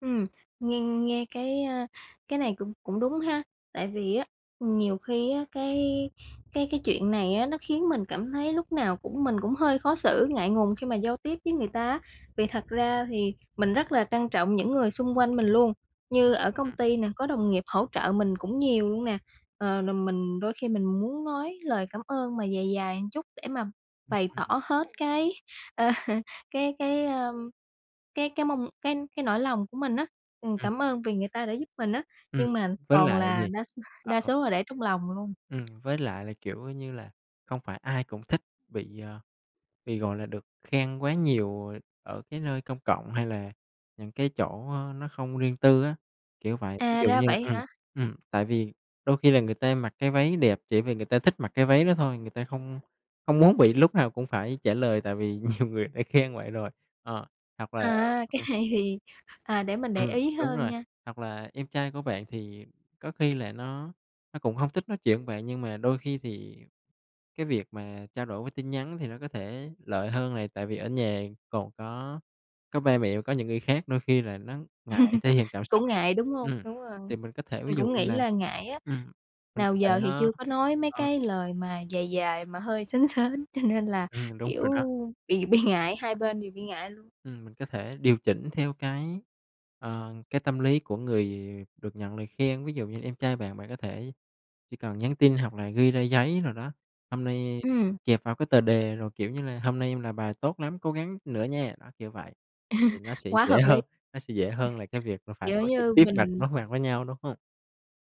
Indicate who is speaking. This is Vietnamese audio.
Speaker 1: Ừm, nghe nghe, cái, à, cái này cũng cũng đúng ha. Tại vì á, nhiều khi á, cái cái cái chuyện này á, nó khiến mình cảm thấy lúc nào cũng mình cũng hơi khó xử, ngại ngùng khi mà giao tiếp với người ta á. Vì thật ra thì mình rất là trân trọng những người xung quanh mình luôn. Như ở công
Speaker 2: Ừm.
Speaker 1: ty nè, có đồng nghiệp hỗ trợ mình cũng nhiều luôn nè, ờ, rồi mình đôi khi mình muốn nói lời cảm ơn mà dài dài một chút để mà
Speaker 2: Ừm,
Speaker 1: bày tỏ
Speaker 2: ừm.
Speaker 1: hết cái, ờ, cái cái, ơ, cái cái mong cái cái nỗi lòng của mình á. Ừm,
Speaker 2: Ừm.
Speaker 1: cảm ơn vì người ta đã giúp mình á,
Speaker 2: Ừm,
Speaker 1: nhưng mà
Speaker 2: với
Speaker 1: toàn
Speaker 2: lại
Speaker 1: là
Speaker 2: gì?
Speaker 1: đa s
Speaker 2: À,
Speaker 1: đa
Speaker 2: h
Speaker 1: số là để trong lòng luôn.
Speaker 2: Ừm, với lại là, kiểu như là, không phải ai cũng thích bị, ờ, bị, gọi là, được khen quá nhiều ở cái nơi công cộng hay là những cái chỗ, a, nó không riêng tư á, kiểu vậy. Ví
Speaker 1: À,
Speaker 2: dụ
Speaker 1: ra
Speaker 2: như là,
Speaker 1: vậy
Speaker 2: ừm,
Speaker 1: hả?
Speaker 2: ừm, tại vì đôi khi là người ta mặc cái váy đẹp chỉ vì người ta thích mặc cái váy đó thôi, người ta không không muốn bị lúc nào cũng phải trả lời, tại vì nhiều người đã khen vậy rồi. Ờ, hoặc là
Speaker 1: À, cái
Speaker 2: ừm.
Speaker 1: này thì à, để mình để
Speaker 2: Ừm,
Speaker 1: ý
Speaker 2: đúng
Speaker 1: hơn
Speaker 2: rồi,
Speaker 1: nha.
Speaker 2: hoặc là em trai của bạn thì có khi là nó nó cũng hông thích nói chuyện với bạn. Nhưng mà đôi khi thì cái việc mà trao đổi qua tin nhắn thì nó có thể lợi hơn này, tại vì ở nhà còn có có ba mẹ và có những người khác, đôi khi là nó ngại thể hiện cảm xúc.
Speaker 1: Cũng ngại, đúng hông?
Speaker 2: Ừm,
Speaker 1: Đúng rồi,
Speaker 2: thì mình có thể ví
Speaker 1: mình
Speaker 2: dụ
Speaker 1: cũng
Speaker 2: như
Speaker 1: nghĩ
Speaker 2: là,
Speaker 1: là ngại á,
Speaker 2: ừm, mình có
Speaker 1: nào
Speaker 2: thể,
Speaker 1: giờ thì
Speaker 2: a
Speaker 1: chưa có nói mấy
Speaker 2: ờ.
Speaker 1: cái lời mà dài dài mà hơi sến sến, cho nên là,
Speaker 2: Ừm, đúng
Speaker 1: kiểu,
Speaker 2: rồi đó.
Speaker 1: bị bị ngại, hai bên đều bị ngại luôn.
Speaker 2: Ừm, mình có thể điều chỉnh theo cái, ờ, cái tâm lý của người được nhận lời khen. Ví dụ như em trai bạn, bạn có thể chỉ cần nhắn tin hoặc là ghi ra giấy nào đó, hôm nay
Speaker 1: Ừm.
Speaker 2: kẹp vào cái tờ đề rồi, kiểu như là: "Hôm nay em làm bài tốt lắm, cố gắng nữa nha!" Đó, kiểu vậy, thì nó sẽ
Speaker 1: Quá
Speaker 2: dễ
Speaker 1: hợp lý!
Speaker 2: hơn nó sẽ dễ hơn là cái việc là phải
Speaker 1: Kiểu
Speaker 2: nói trực
Speaker 1: như
Speaker 2: tiếp mặt
Speaker 1: mình
Speaker 2: đối mặt với nhau, đúng hông?